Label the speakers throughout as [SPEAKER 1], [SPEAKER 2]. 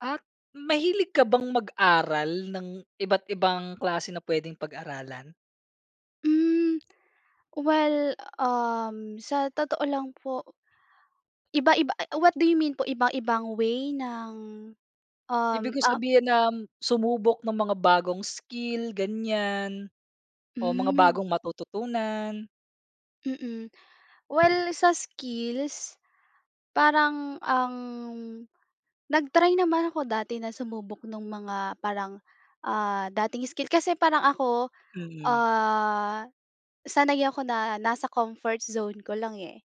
[SPEAKER 1] At, mahilig ka bang mag-aral ng iba't ibang klase na pwedeng pag-aralan?
[SPEAKER 2] Mm, well, um, sa totoo lang po iba-iba, a e what do you mean po iba-ibang way ng, um,
[SPEAKER 1] Ibig ko
[SPEAKER 2] ah
[SPEAKER 1] sabihin, uhm, sumubok ng mga bagong skill ganyiyan o mga
[SPEAKER 2] Hmm.
[SPEAKER 1] bagong matututunan.
[SPEAKER 2] Mm. Well sa skills, parang ang nag-try naman ako dati na sumubok nung mga parang, ah, dating skill. Kasi parang ako,
[SPEAKER 1] Mm.
[SPEAKER 2] ah, sanay ako na nasa comfort zone ko lang eh.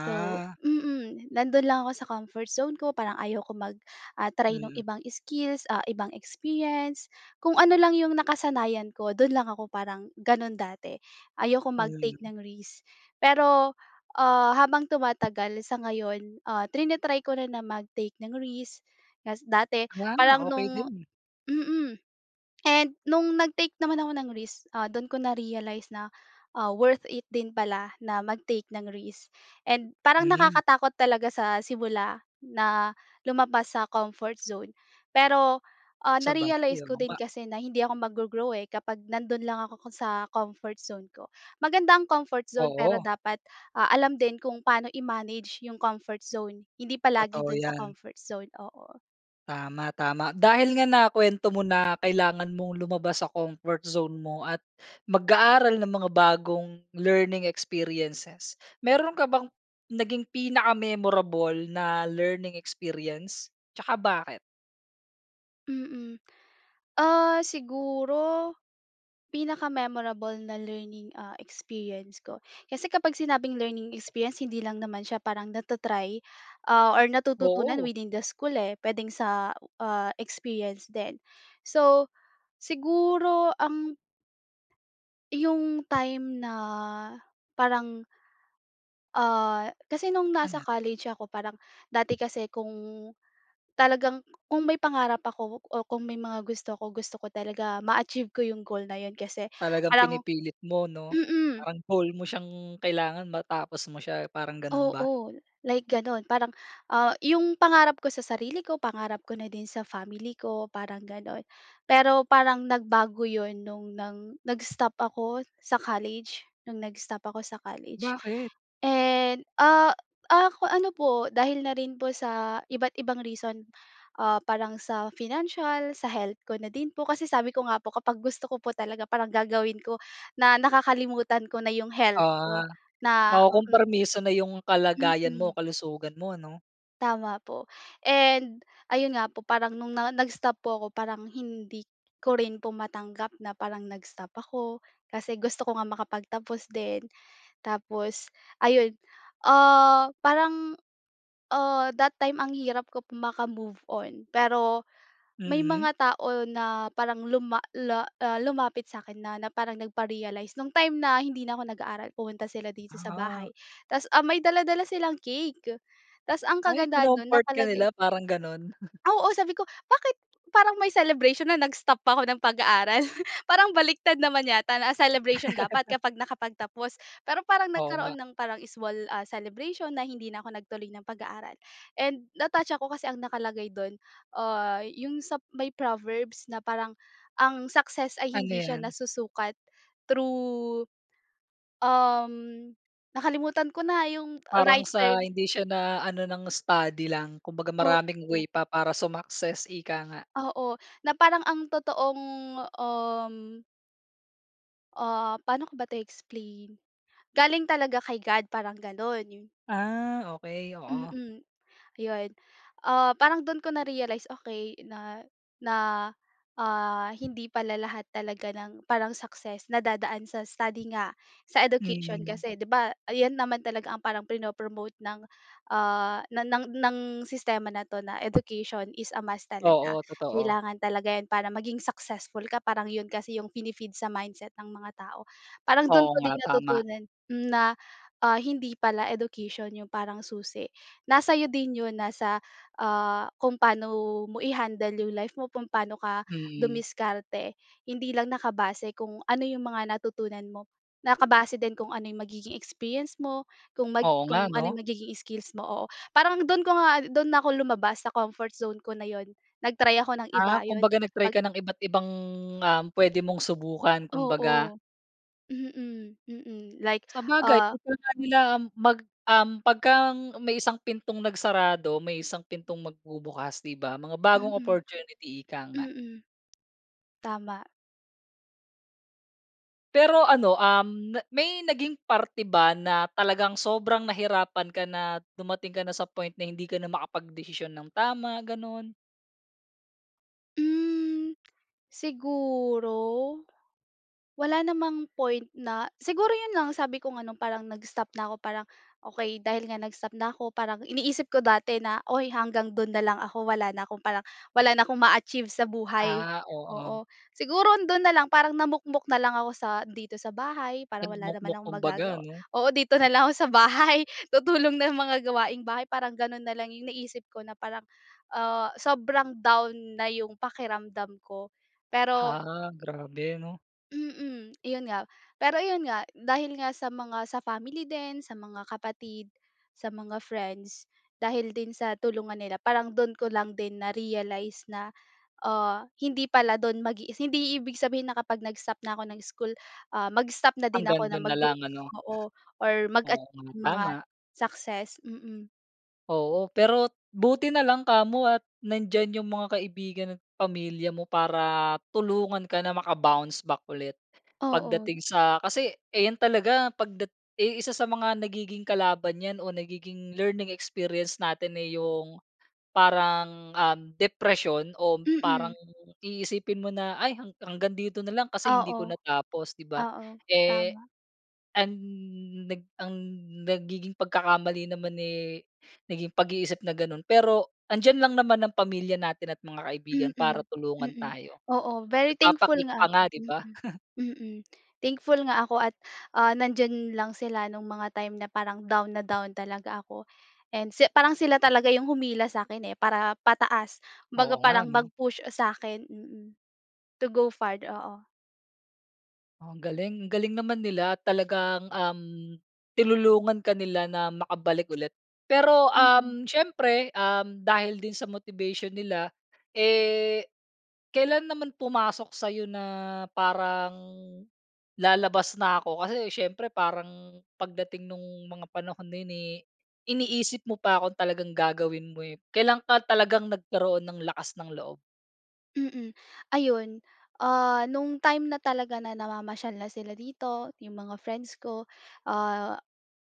[SPEAKER 2] So, mm, nandun lang ako sa comfort zone ko parang ayaw ko mag ah, try ng
[SPEAKER 1] Mm.
[SPEAKER 2] ibang skills, ah, ibang experience. Kung ano lang yung nakasanayan ko dun lang ako parang ganun dati. Ayoko mag-take
[SPEAKER 1] Mm.
[SPEAKER 2] ng risk. Pero, ah, habang tumatagal sa ngayon, ah, trina-try ko na mag-take ng risk. Ta’s dati
[SPEAKER 1] Wow,
[SPEAKER 2] parang
[SPEAKER 1] okey
[SPEAKER 2] nung
[SPEAKER 1] din.
[SPEAKER 2] mm, and nung nag-take naman ako ng risk, ah, dun ko na-realize na, ah, worth it din pala na mag-take ng risk. And parang
[SPEAKER 1] Mhm.
[SPEAKER 2] nakakatakot talaga sa simula na lumabas sa comfort zone. Pero, ah,
[SPEAKER 1] Sabagay,
[SPEAKER 2] na-realize ko
[SPEAKER 1] oo
[SPEAKER 2] din
[SPEAKER 1] nga.
[SPEAKER 2] kasi na hindi ako mag-go-grow, eh, kapag nandun lang ako sa comfort zone ko. Maganda ang comfort zone pero
[SPEAKER 1] Oo.
[SPEAKER 2] dapat, ah, alam din kung paano i-manage yung comfort zone. Hindi palagi
[SPEAKER 1] Totoo
[SPEAKER 2] dun sa
[SPEAKER 1] ‘yan.
[SPEAKER 2] comfort zone. Oo.
[SPEAKER 1] Tama, tama. Dahil nga nakuwento mo na kailangan mong lumabas sa comfort zone mo at mag-aaral ng mga bagong learning experiences meron ka bang naging pinaka-memorable na learning experiences? Tsaka bakit?
[SPEAKER 2] Mm. Ah, siguro, pinaka-memorable na learning, ah, experience ko, kasi kapag sinabing learning experience hindi lang naman siya parang nata-try, ah or natututunan
[SPEAKER 1] Oo.
[SPEAKER 2] within the school eh. Puwedeng sa, ah, experience din. So, siguro ang 'Yung time na parang. Ah, kasi no'ng nasa
[SPEAKER 1] Ala.
[SPEAKER 2] college ako, parang dati kasi kung, talagang kung may pangarap ako o kung may mga gusto ako, gusto ko talaga ma-achieve ko 'yong goal na 'yon kasi
[SPEAKER 1] Talagang
[SPEAKER 2] parang
[SPEAKER 1] pinipilit mo, 'no?
[SPEAKER 2] mm.
[SPEAKER 1] Parang goal mo siyang kailangan matapos mo siya. Parang gano'n ba?
[SPEAKER 2] Oo. Like gano'n. Parang, ah, 'yong pangarap ko sa sarili ko, pangarap ko na din sa family ko, parang gano'n. Pero parang nagbago 'yon no'ng nang nag-stop ako sa college, no'ng nag-stop ako sa college.
[SPEAKER 1] Bakit?
[SPEAKER 2] And, ah, ak ano po dahil na rin po sa iba't ibang reason. Ah, parang sa financial, sa health ko na din po. Kasi sabi ko nga po kapag gusto ko po talaga, parang gagawin ko na nakakalimutan ko na 'yong health ko
[SPEAKER 1] Ah.
[SPEAKER 2] na mm.
[SPEAKER 1] Nakukompromiso na 'yung kalagayan mo,
[SPEAKER 2] Mm.
[SPEAKER 1] kalusugan mo, 'no?
[SPEAKER 2] Tama po. And, ayun nga po, parang no'ng na nag-stop po ko, parang hindi ko rin po matanggap na parang nag-stop ako, kasi gusto ko nga makapagtapos din. Tapos, ayun, ah, parang, ah, that time, ang hirap ko po maka-move on, pero may
[SPEAKER 1] Mm.
[SPEAKER 2] mga tao na parang luma la ah, lumapit sa akin na na parang nagpa-realize. 'Nung time na hindi na ko nag-aaral, pumunta sila dito sa
[SPEAKER 1] Ah.
[SPEAKER 2] bahay, tas, ah, may dala-dala silang cake. Tas ang
[SPEAKER 1] Ay,
[SPEAKER 2] kagandahan no'n
[SPEAKER 1] kinomfort ka
[SPEAKER 2] nakalagay
[SPEAKER 1] nila, parang gano'n?
[SPEAKER 2] Oo. Sabi ko, "Bakit parang may celebration na nag-stop ako ng pag-aaral? Parang baligtad naman yata na ang celebration dapat kapag nakapagtapos." Pero parang
[SPEAKER 1] Oo nga.
[SPEAKER 2] nagkaroon ng parang small, ah, celebration na hindi na ako nagtuloy ng pag-aaral. And na-touch ako kasi ang nakalagay do'n, ah, 'yung sa may Proverbs na parang ang success ay
[SPEAKER 1] Ano
[SPEAKER 2] hindi siya
[SPEAKER 1] 'yan?
[SPEAKER 2] nasusukat through, um, nakalimutan ko na 'yung
[SPEAKER 1] Parang
[SPEAKER 2] right
[SPEAKER 1] sa
[SPEAKER 2] term.
[SPEAKER 1] hindi siya na ano ng study lang. Kumbaga maraming way
[SPEAKER 2] Opo.
[SPEAKER 1] pa para sumakses, ika nga.
[SPEAKER 2] Oo. Na parang ang totoong, um Ah, paano ko ba ito i-explain? Galing talaga kay God parang gano'n, 'yu
[SPEAKER 1] Ah, okey, oo.
[SPEAKER 2] Mm, 'yon. Ah, parang do'n ko narealize, Okey. na na, ah, hindi pala lahat talaga ng parang success nadadaan sa study nga, sa education.
[SPEAKER 1] Mm.
[SPEAKER 2] Kasi, 'di ba, ayan naman talaga ang parang prino-promote ng, ah, na ng ng sistema na 'to, na, Education is a must. talaga.
[SPEAKER 1] Oo, totoo.
[SPEAKER 2] Kailangan talaga 'yon para maging successful ka, parang 'yon kasi 'yong pini-feed sa mindset ng mga tao. Parang dun
[SPEAKER 1] Oo
[SPEAKER 2] ko
[SPEAKER 1] nga,
[SPEAKER 2] din
[SPEAKER 1] tama.
[SPEAKER 2] natutunan na, ah, hindi pala education yung parang susi, nasa iyo din yun nasa, ah, kung paano mo i-handle yung life mo, kung paano ka
[SPEAKER 1] Mm.
[SPEAKER 2] dumiskarte. Hindi lang nakabase kung ano 'yong mga natutunan mo, nakabase din kung ano 'yong magiging experience mo, kung mag
[SPEAKER 1] Oo
[SPEAKER 2] kung
[SPEAKER 1] nga,
[SPEAKER 2] ano
[SPEAKER 1] 'no?
[SPEAKER 2] yung magiging skills mo, oo. Parang dun ko nga do'n na ako lumabas sa comfort zone ko na 'yon, nag-try ako ng iba,
[SPEAKER 1] Ah,
[SPEAKER 2] 'yon.
[SPEAKER 1] kumbaga nag-try
[SPEAKER 2] Pag
[SPEAKER 1] ka ng iba't ibang, ah, pwede mong subukan, kumbaga.
[SPEAKER 2] Oo. Mm, mm, like,
[SPEAKER 1] Sabagay,
[SPEAKER 2] ah
[SPEAKER 1] [unintelligible] nga nila um mag um pagka ang may isang pintong nagsarado, may isang pintong magbubukas, 'di ba, mga bagong
[SPEAKER 2] Mm.
[SPEAKER 1] opportunity, ika nga.
[SPEAKER 2] Mm. Tama.
[SPEAKER 1] Pero ano, um, na may naging parte ba na talagang sobrang nahirapan ka na dumating ka na sa point na hindi ka na makapagdesisyon ng tama, ganun?
[SPEAKER 2] Hm, siguro wala namang point na siguro yun lang sabi ko nga 'no, parang nag-stop na ako parang okey dahil nga nag-stop na ako parang iniisip ko dati na, uy hanggang dun na lang ako wala na akong parang wala na akong ma-achieve sa buhay.
[SPEAKER 1] Ah, oo.
[SPEAKER 2] Oo, siguro dun na lang parang namukmok na lang ako sa dito sa bahay parang wala naman
[SPEAKER 1] Nagmukmok
[SPEAKER 2] akong
[SPEAKER 1] kung baga
[SPEAKER 2] magagawa.
[SPEAKER 1] 'no?
[SPEAKER 2] Oo dito na lang ako sa bahay tutulong ng mga gawaing bahay parang ganun na lang yung naisip ko na parang, ah, sobrang down na yung pakiramdam ko, pero
[SPEAKER 1] Ha, grabe 'no.
[SPEAKER 2] Mm, yun nga, pero ayun nga dahil nga sa mga sa family din, sa mga kapatid, sa mga friends dahil din sa tulong nga nila parang dun ko lang din na-realize na, ah, hindi pala dun mag hindi i ibig sabihin na kapag nag-stop na ako ng school, ah, mag-stop na din
[SPEAKER 1] Hanggang
[SPEAKER 2] ako ng
[SPEAKER 1] dun na
[SPEAKER 2] mag-grow,
[SPEAKER 1] lang ano?
[SPEAKER 2] oo or mag-a
[SPEAKER 1] Oo nga,
[SPEAKER 2] ng mga
[SPEAKER 1] tama.
[SPEAKER 2] success. Mm.
[SPEAKER 1] Oo, pero buti na lang kamo at nandiyan yung mga kaibigan at pamilya mo para tulungan ka na maka-bounce back ulit
[SPEAKER 2] Oo.
[SPEAKER 1] pagdating sa kasi, eh, 'yan talaga pagdat yung isa sa mga nagiging kalaban 'yan o nagiging learning experience natin eh, yung parang, um, depresyon o parang
[SPEAKER 2] Mm.
[SPEAKER 1] iisipin mo na, "ay hanggang dito na lang kasi hindi ko
[SPEAKER 2] Oo.
[SPEAKER 1] natapos." 'Di ba?
[SPEAKER 2] Oo.
[SPEAKER 1] Eh,
[SPEAKER 2] Tama.
[SPEAKER 1] ang nag ang nagiging pagkakamali naman, eh, naging pag-iisip na gano'n. Pero 'andiyan lang naman ang pamilya natin at mga kaibigan para
[SPEAKER 2] Mm.
[SPEAKER 1] tulungan
[SPEAKER 2] Mm.
[SPEAKER 1] tayo.
[SPEAKER 2] Oo, very thankful
[SPEAKER 1] Nagpapa-cake pa
[SPEAKER 2] nga
[SPEAKER 1] nga,
[SPEAKER 2] ako.
[SPEAKER 1] 'di ba?
[SPEAKER 2] Mm. Mm. Thankful nga ako at, ah, nandiyan lang sila no'ng mga time na parang down na down talaga ako and se parang sila talaga yung humila sa akin, eh, para pataas. Kumbaga
[SPEAKER 1] Oo nga,
[SPEAKER 2] parang
[SPEAKER 1] 'no?
[SPEAKER 2] mag-push sa akin, mm, to go far Oo.
[SPEAKER 1] Oh ang galing! Ang galing naman nila. Talagang, um, tinulungan ka nila na makabalik ulit. Pero,
[SPEAKER 2] Mm.
[SPEAKER 1] um, siyempre, um, dahil din sa motivation nila, eh, kailan naman pumasok sa'yo na parang lalabas na ako? Kasi siyempre parang pagdating no'ng mga panahon na 'yon, eh, iniisip mo pa kung talagang gagawin mo, eh. Kailan ka talagang nagkaroon ng lakas ng loob?
[SPEAKER 2] Mm, ayun, ah, no'ng time na talaga na namamasyal na sila dito, 'yong mga friends ko, ah,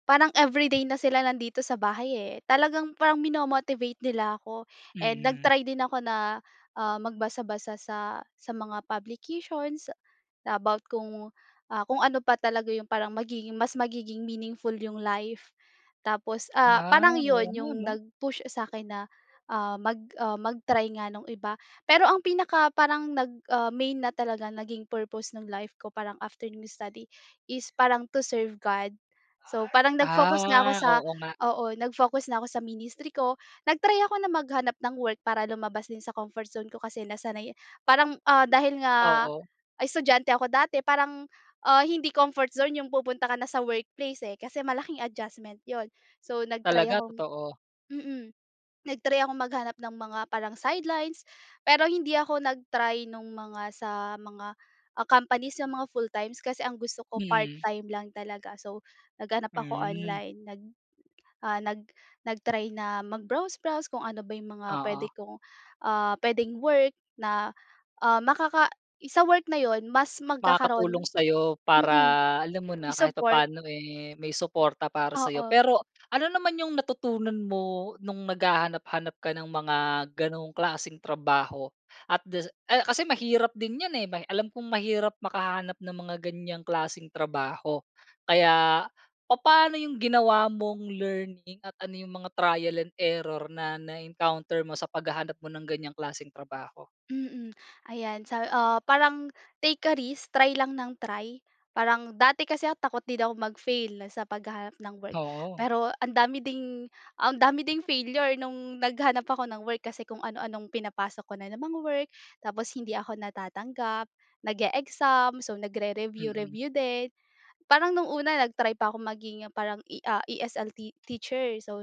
[SPEAKER 2] parang everyday na sila nandito sa bahay, eh, talagang parang minomo-motivate nila ako and
[SPEAKER 1] Mhm.
[SPEAKER 2] nag-try din ako na, ah, magbasa-basa sa sa mga publications, na about kung, ah, kung ano pa talaga 'yong parang magiging mas magiging meaningful 'yong life. Tapos ah
[SPEAKER 1] Ah,
[SPEAKER 2] parang 'yon
[SPEAKER 1] oo nga
[SPEAKER 2] 'yong
[SPEAKER 1] ano?
[SPEAKER 2] nag-push sa akin na, ah, mag ah mag-try nga ng iba. Pero ang pinaka parang nag ah main na talaga naging purpose ng life ko parang after nung study, is parang to serve God So parang nag-focus nga ako
[SPEAKER 1] Ah,
[SPEAKER 2] sa,
[SPEAKER 1] oo nga.
[SPEAKER 2] oo nag-focus na ako sa ministry ko, nag-try ako na maghanap ng work para lumabas din sa comfort zone ko kasi nasanay, parang, ah, dahil nga
[SPEAKER 1] Oo.
[SPEAKER 2] estudyante ako dati parang, ah, hindi comfort zone 'yong pupunta ka na sa workplace, eh, kasi malaking adjustment 'yon. So, nag-try
[SPEAKER 1] Talaga,
[SPEAKER 2] akong
[SPEAKER 1] totoo.
[SPEAKER 2] mm nag-try ako maghanap ng mga parang sidelines, pero hindi ako nag-try nung mga sa mga, ah, companies yung mga full times, kasi ang gusto ko part
[SPEAKER 1] Hmm.
[SPEAKER 2] time lang talaga. So naghanap ako
[SPEAKER 1] Hmm.
[SPEAKER 2] online nag, ah, nag nag-try na mag-browse browse kung ano ba yung mga puwede
[SPEAKER 1] Oo.
[SPEAKER 2] kong, ah, puwedeng work na, ah, makaka sa work na 'yon mas magkakaroon
[SPEAKER 1] Makakatulong sa'yo, para
[SPEAKER 2] mm,
[SPEAKER 1] alam mo na, kahit
[SPEAKER 2] i-support.
[SPEAKER 1] papaano, eh, may suporta para sayo.
[SPEAKER 2] Oo.
[SPEAKER 1] Pero ano naman yung natutunan mo nung naghahanap-hanap ka ng mga ganong klaseng trabaho? At dasi ah, kasi mahirap din yan, eh, may alam kong mahirap makahanap ng mga ganyang klaseng trabaho. Kaya papaano yung ginawa mong learning at ano yung mga trial and error na na-encounter mo sa paghahanap mo ng ganyang klaseng trabaho?
[SPEAKER 2] Mm. Ayan sa, ah, parang take a risk try lang ng try, parang dati kasi takot din ako mag-fail sa paghahanap ng work.
[SPEAKER 1] Oo.
[SPEAKER 2] Pero ang dami ding, ang dami ding failure no'ng naghanap ako ng work, kasi kung ano-anong pinapasok ko na mga work, tapos hindi ako natatanggap. Nag-eexam, so
[SPEAKER 1] Mm.
[SPEAKER 2] nagre-review-review din, parang nung una nag-try pa ako maging parang E, ah, ESL teacher, so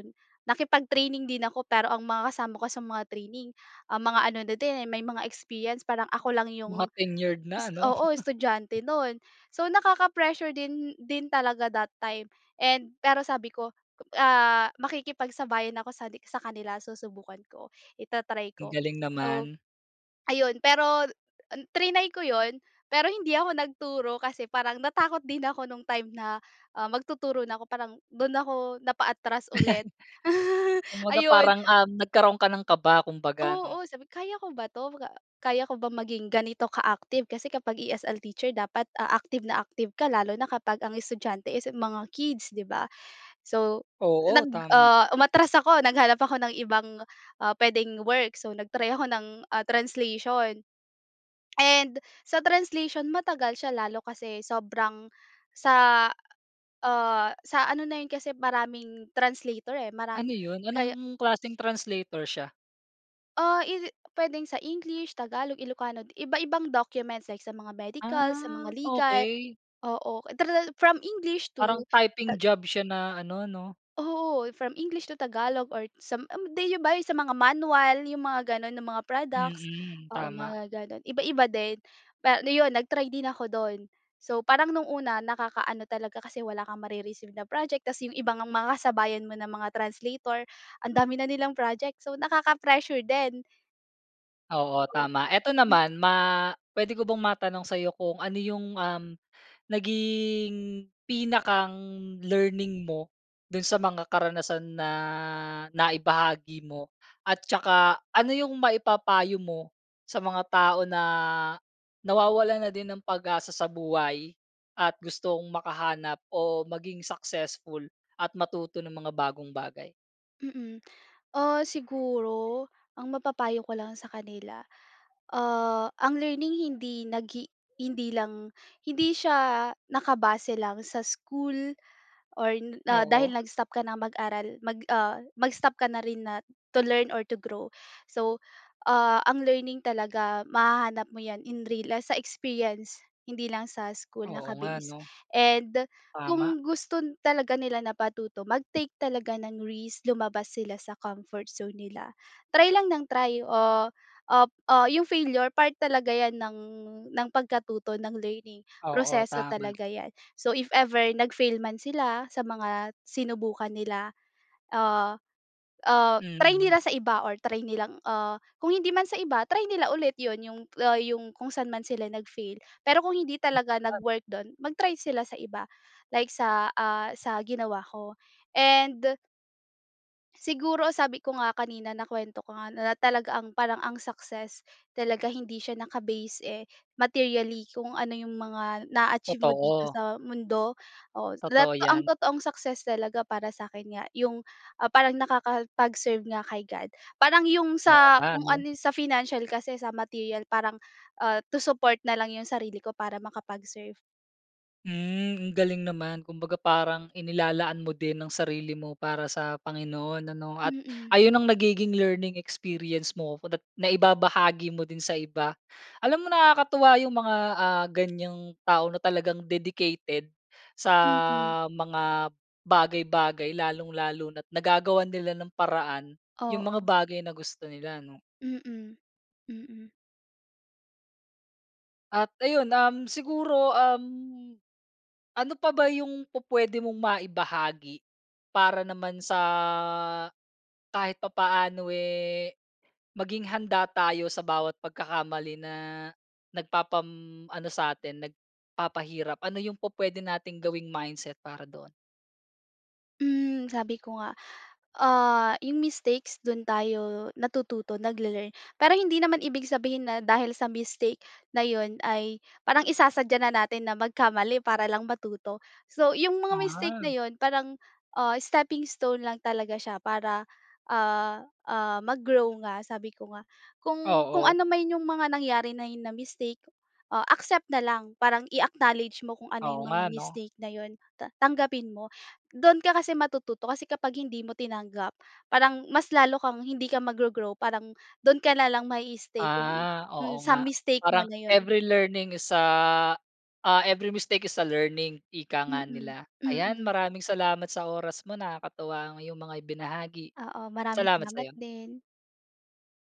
[SPEAKER 2] nakipag-training din ako pero ang mga kasama ko sa mga training, ah, mga ano na din may mga experience parang ako lang
[SPEAKER 1] Mga
[SPEAKER 2] 'yong
[SPEAKER 1] tenured na ano?
[SPEAKER 2] oo, estudyante no'n. So nakaka-pressure din din talaga that time and pero sabi ko, ah, makikipagsabayan ako sa sa kanila susubukan ko i-ta-try ko.
[SPEAKER 1] Ang galing
[SPEAKER 2] So
[SPEAKER 1] naman.
[SPEAKER 2] ayun, pero triny ko 'yon pero hindi ako nagturo kasi parang natakot din ako nung time na, ah, magtuturo na ako parang dun ako napaatras ulit,
[SPEAKER 1] Kumbaga
[SPEAKER 2] ayun.
[SPEAKER 1] parang, um, nagkaroon ka ng kaba, kung baga ano?
[SPEAKER 2] Oo, sabi ko, "Kaya ko ba 'to? Kaya ko ba maging ganito ka-active?" Kasi kapag ESL teacher dapat, ah, active na active ka lalo na kapag ang estudyante is mga kids, 'di ba? So
[SPEAKER 1] Oo
[SPEAKER 2] nag
[SPEAKER 1] tama.
[SPEAKER 2] ah, umatras ako, naghanap ako ng ibang, ah, puwedeng work, so nag-try ako ng, ah, translation. And sa translation matagal siya lalo kasi sobrang sa, ah, sa ano na yun kasi maraming translator, eh,
[SPEAKER 1] Ano
[SPEAKER 2] maraming
[SPEAKER 1] 'yon?
[SPEAKER 2] kaya
[SPEAKER 1] Anong klaseng translator siya?
[SPEAKER 2] Ah, is it puwedeng sa English, Tagalog, Ilocano. Iba-ibang documents like sa mga medical, sa mga
[SPEAKER 1] Ah,
[SPEAKER 2] legal.
[SPEAKER 1] okey.
[SPEAKER 2] Oo. Tral from English
[SPEAKER 1] Parang
[SPEAKER 2] to
[SPEAKER 1] typing
[SPEAKER 2] tag
[SPEAKER 1] job siya na ano, 'no.
[SPEAKER 2] Oo. From English to Tagalog or sam eh, 'di ba yung sa mga manual, yung mga gano'n, na mga products.
[SPEAKER 1] Mm.
[SPEAKER 2] Oo,
[SPEAKER 1] Tama.
[SPEAKER 2] mga gano'n. Iba-iba din. Pa ano 'yon nag-try din ako do'n. So, parang no'ng una, nakaka-ano talaga kasi wala kang mare-receive na project. Ta's yung ibang mga kasabayan mo na mga translator, ang dami na nilang project. So, nakaka-pressure din.
[SPEAKER 1] Oo,
[SPEAKER 2] O.
[SPEAKER 1] tama. Eto
[SPEAKER 2] Hmm.
[SPEAKER 1] naman ma pwede ko bang matanong sa'yo kung ano yung, um, naging pinakang learning mo do'n sa mga karanasan na naibahagi mo? At saka, ano yung maipapayo mo sa mga tao na nawawalan na din ng pag-asa sa buhay at gustong makahanap o maging successful at matuto ng mga bagong bagay?
[SPEAKER 2] Mm. Ah, siguro, ang mapapayo ko lang sa kanila, ah, ang learning hindi naghi hindi lang, hindi siya nakabase lang sa school or n
[SPEAKER 1] Oo.
[SPEAKER 2] dahil nag-stop ka nang mag-aral, mag ah, mag-stop ka na rin na to learn or to grow. So, ah, ang learning talaga mahahanap mo 'yan in real, ah, sa experience, hindi lang sa school
[SPEAKER 1] Oo nga,
[SPEAKER 2] naka-base.
[SPEAKER 1] 'no.
[SPEAKER 2] And
[SPEAKER 1] Tama.
[SPEAKER 2] kung gusto talaga nila na patuto, mag-take talaga ng risk, lumabas sila sa comfort zone nila. Try lang ng try. Ah ah ah, yung failure, part talaga 'yan ng ng pagkatuto, ng learning.
[SPEAKER 1] Oo,
[SPEAKER 2] Proseso
[SPEAKER 1] tama.
[SPEAKER 2] talaga 'yan, so if ever nag-fail man sila sa mga sinubukan nila, ah, ah, try
[SPEAKER 1] Hmm.
[SPEAKER 2] nila sa iba or try nilang, ah, kung hindi man sa iba, try nila ulit 'yun yung, ah, yung kung sa'n man sila nag-fail. Pero kung hindi talaga
[SPEAKER 1] [unintelligible]
[SPEAKER 2] nag-work do'n, mag-try sila sa iba, like sa, ah sa ginawa ko. And siguro, sabi ko nga kanina, nakuwento ko nga, na talaga ang parang ang success talaga, hindi siya naka-base, eh, materially kung ano yung mga na-a-achieve mo dito
[SPEAKER 1] Totoo.
[SPEAKER 2] sa mundo. Oo, dat
[SPEAKER 1] Totoo
[SPEAKER 2] ang
[SPEAKER 1] 'yan.
[SPEAKER 2] totoong success talaga, para sa'kin nga, yung, ah, parang nakakapag-serve nga kay God. Parang yung
[SPEAKER 1] Oo
[SPEAKER 2] sa
[SPEAKER 1] nga
[SPEAKER 2] kung
[SPEAKER 1] 'no?
[SPEAKER 2] ano sa financial kasi, sa material parang, ah, to support na lang yung sarili ko para makapag-serve.
[SPEAKER 1] Mm. Ang galing naman kumbaga parang inilalaan mo din ang sarili mo para sa Panginoon ano? At
[SPEAKER 2] Mm.
[SPEAKER 1] ayun ang nagiging learning experience mo ko da’t na-ibabahagi mo din sa iba. Alam mo nakakatuwa yung mga ah, ganiyang tao na talagang dedicated. Sa,
[SPEAKER 2] Mhm.
[SPEAKER 1] mga bagay-bagay lalong-lalo na't nagagawan nila ng paraan yung mga
[SPEAKER 2] Oo.
[SPEAKER 1] bagay na gusto nila, 'no?
[SPEAKER 2] Mm. Mm.
[SPEAKER 1] At ayun. Uhm, siguro, uhm, ano pa ba yung pu-puwede mong maibahagi? Para naman sa kahit papaano eh, maging handa tayo sa bawat pagkakamali na, nagpapam ano sa'tin, nagpapahirap. Ano yung pu-puwede nating gawing mindset para doon?
[SPEAKER 2] Hmm. Sabi ko nga, ah, 'yong mistakes do'n tayo natututo, nagle-learn. Pero hindi naman ibig sabihin na dahil sa mistake na 'yon ay parang isasadya na natin na magkamali para lang matuto. So 'yong mga mistake
[SPEAKER 1] Ah.
[SPEAKER 2] na 'yon, parang, ah, steppingstone lang talaga siya para, ah, ah, mag-grow nga sabi ko nga. Kung, kung
[SPEAKER 1] Oo.
[SPEAKER 2] ano man yung mga nangyari na hi na mistake, ah, accept na lang. Parang i-acknowledge mo kung ano
[SPEAKER 1] Oo
[SPEAKER 2] yung mga
[SPEAKER 1] nga, ‘no.
[SPEAKER 2] mistake na 'yon ta tanggapin mo. Do'n ka kasi matututo, kasi kapag hindi mo tinanggap, parang mas lalo kang hindi ka mag-go-grow. Parang, doon ka na lang ma-i-stay kung
[SPEAKER 1] Ah,
[SPEAKER 2] mm,
[SPEAKER 1] oo nga.
[SPEAKER 2] mistake mo
[SPEAKER 1] Parang
[SPEAKER 2] na 'yon.
[SPEAKER 1] every learning is ah, ah, every mistake is a learning, ika nga
[SPEAKER 2] Mm.
[SPEAKER 1] nila. Ayan,
[SPEAKER 2] Mm.
[SPEAKER 1] maraming salamat sa oras mo. Nakakatuwa ang 'yong mga ibinahagi.
[SPEAKER 2] Oo. Maraming
[SPEAKER 1] Salamat
[SPEAKER 2] salamat
[SPEAKER 1] sa'yo.
[SPEAKER 2] din.